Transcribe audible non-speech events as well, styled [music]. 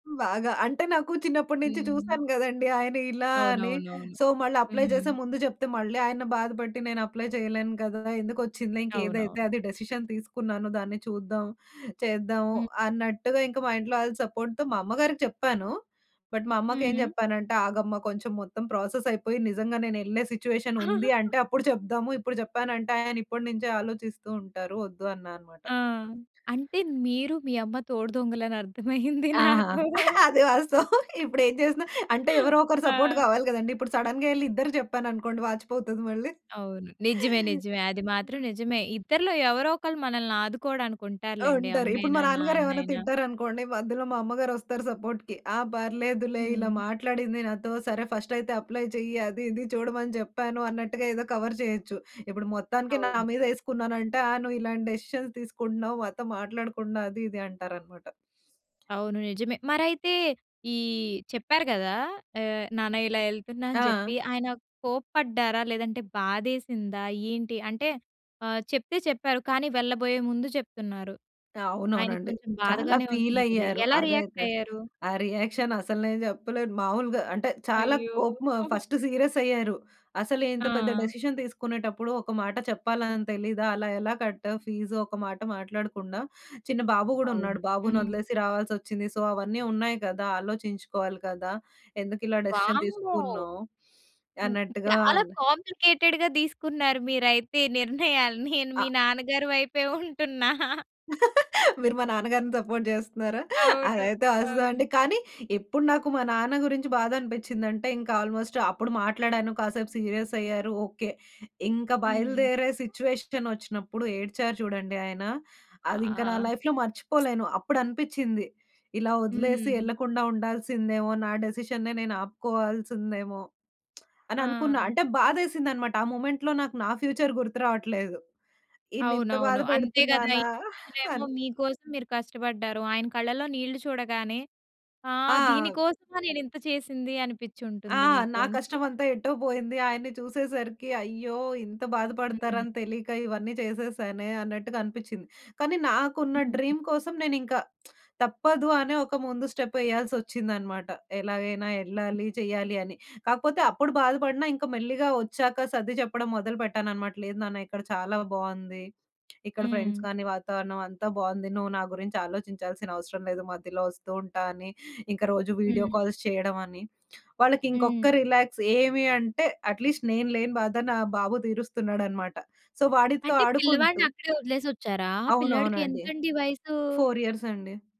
బాగా. అంటే నాకు చిన్నప్పటి నుంచి హ్మ్. చూసాను గదండీ. ఆయన ఇలా అని, అవునవునవును. సో, మళ్ళీ అప్లై జేసే హ్మ్. ముందు జెప్తే మళ్ళీ ఆయన బాధ బట్టి, నేను అప్లై చేయలేను కదా! ఎందుకొచ్చిందిలే ఇంకేదైతే అవునవును. అది డిసిషన్ తీసుకున్నాను. దాన్ని చూద్దాం, చేద్దాము హ్మ్. అన్నట్టుగా ఇంక మా ఇంట్లో వాళ్ల సపోర్ట్‌తో మా అమ్మ గారికి చెప్పాను. బట్ మా అమ్మకేం హ్మ్. జెప్పానంటే, ఆగమ్మా కొంచెం మొత్తం ప్రాసెస్ అయిపోయి నిజంగా నేనెళ్ళే సిట్యుయేషన్ ఉంది అంటే [laughs] అప్పుడు చెప్దాము. ఇప్పుడు జెప్పానంటే, ఆయన ఇప్పటి నుంచే ఆలోచిస్తూ ఉంటారు. వద్దు అన్నా అనమాట. ఆ! అంటే మీరు మీ అమ్మ తోడుదొంగలని అర్థమయింది ఆహా! నాకు. అది వాస్తవం. ఇప్పుడేం జేసినా అంటే ఎవరో ఒకరు సపోర్ట్ ఆ! గావాలి గదండీ! ఇప్పుడు సడెన్‌గా ఎళ్లి ఇద్దరు జెప్పాననుకోండి వాచిపోతది మళ్ళీ. అవును. నిజమే, నిజమే. అది మాత్రం నిజమే. నిజమే. ఇద్దరిలో ఎవరో ఒకళ్ళు మనల్నాదుకోవడానికుంటారు లెండి ఉంటారు. ఇప్పుడు మా అమ్మైనా, నాన్నగారు ఏమ‌న్నా నాన్నైనా. తిట్టారనుకోండి, మధ్యలో మా అమ్మగారొస్తారు సపోర్ట్‌కి. ఆ పర్లేదులే ఇలా హ్మ్. మాట్లాడింది నాతో సరే, ఫస్టైతే అప్లై జెయ్యి, అదీ ఇదీ చూడమని జెప్పాను అన్నట్టుగా ఏదో కవర్ జేయచ్చు. ఇప్పుడు మొత్తానికే నా అవును. మీద ఏసుకున్నానంటే, ఆ నువ్వు ఇలాంటి డెసిషన్స్ తీసుకుంటున్నావు మాతో మాట్లాడుకుండా అదీ, ఇదీ అంటారనమాట. అవును. నిజమే. మరైతే ఈ చెప్పారు గదా! ఆహ్, నాన్న ఇలా ఎళ్తున్నా అని ఆ! జెప్పి ఆయన కోప్పడ్డారా? లేదంటే బాధేసిందా? ఏంటి అంటే ఆహ్, చెప్తే చెప్పారు కానీ వెళ్ళబోయే ముందు చెప్తున్నారు. ఆయనకి అవునవునండి. కొంచెం చాలా బాధగానే ఉంటుంది కదా! ఫీలైయ్యారు. ఎలా రియాక్ట్ అదైతే. అయ్యారు? ఆ రియాక్షన్ అసలు నేను జెప్పలేను. మామూలుగా అంటే చాలా అయ్యో! కోపము, హుహు. ఫస్ట్ సీరియస్ అయ్యారు. అసలు ఇంత పెద్ద ఆ! డెసిషన్ దీసుకునేటప్పుడు, ఒక మాట చెప్పాలని తెలీదా? అలా ఎలా కట్టావు ఫీజ్? ఒక్క మాట మాట్లాడకుండా, చిన్న బాబు గూడా అవును. ఉన్నాడు. బాబును హ్మ్. ఒదిలేసి రావాల్సొచ్చింది. సో అవన్నీ ఉన్నాయి గదా! ఆలోచించుకోవాలి గదా! ఎందుకిలా డెసిషన్ వామ్మో! తీసుకున్నావు, హ్మ్, అన్నట్టుగా చాలా అన్ కాంప్లికేటెడ్‌గా దీసుకున్నారు మీరైతే నిర్ణయాన్ని. నేను మీ అ నాన్నగారి వైపే ఉంటున్నా. [laughs] మీరు మా నాన్న గారిని సపోర్ట్ జేస్తున్నారా? అవును. అదైతే అస్స అవును. అండి. కానీ ఇప్పుడు నాకు మా నాన్న గురించి బాధనిపించిందంటే, ఇంక ఆల్‌మోస్ట్ అప్పుడు మాట్లాడాను కాసేపు సీరియస్ అయ్యారు. ఓకే. ఇంక హ్మ్. బయలుదేరే సిట్యుయేషనొచ్చినప్పుడు ఏడ్చారు చూడండి ఆయన, అదింక నా ఆ! లైఫ్‌లో [smacks lips] మర్చిపోలేను. అప్పుడనిపించింది ఇలా ఒదిలేసి హ్మ్. ఎళ్ళకుండా ఉండాల్సిందేమో! నా డిసిషన్‌న్నె నేను ఆపుకోవాల్సిందేమో! [smacks lips] అననుకున్నా. ఆ! అంటే బాధేసిందనమాట. ఆ మొమెంట్‌లో నాకు నా ఫ్యూచర్ గుర్తు రావట్లేదు. ఈయన్నింత అవునవును. అంతే గదా! బాధపెడుతున్నానా? ఇన్ని రోజులేమో అన్ మీకోసం మీరు కష్టబడ్డారు. ఆయన కళ్ళలో నీళ్ళు చూడగానే, ఆ ఆ! దీని అవ్ కోసమా నేనింత చేసింది ఆ! అనిపిచ్చుంటుంది మీకు నా అంతేనా? కష్టమంతా ఎటో బోయింది ఆయన్ని చూసేసరికి అయ్యో! ఇంత హ్మ్. బాధపడతారని తెలీక ఇవన్నీ చేసేసానే అన్నట్టుగా అనిపిచ్చింది. కానీ, నాకున్న హుహు. డ్రీమ్ కోసం నేనింకా [smacks lips] తప్పదు అనే ఒక ముందు స్టెప్ ఎయ్యాల్సొచ్చిందనమాట. ఎలాగైనా హ్మ్. ఎల్లాలి, చెయ్యాలి అని. కాకపోతే అప్పుడు బాధపడినా ఇంక మెల్లిగా ఒచ్చాక సర్ది చెప్పడం మొదలు పెట్టాననమాట. లేదు నాన్న ఇక్కడ చాలా బావుంది. ఇక్కడ హ్మ్. ఫ్రెండ్స్ గానీ, వాతావరణం అంతా బావుంది. నువ్వు నా గురించి ఆలోచించాల్సిన అవసరం లేదు, మధ్యలో ఒస్తూ ఉంటా అని, ఇంక రోజు వీడియో హ్మ్. కాల్స్ చేయడం అని. వాళ్ళకి ఇంకొక్క హ్మ్. రిలాక్స్ ఏమి అంటే, అట్‌లీస్ట్ నేను లేని బాధ నా బాబు దీరుస్తున్నాడనమాట. సో, వాడితో అంటే పిల్లవాడిని ఆడుకుంటూ అక్కడే ఒదిలేసొచ్చారా? ఆ పిల్లాడికి అవునవునండి. ఎంతండి వయసు? 4 ఇయర్స్ అండి.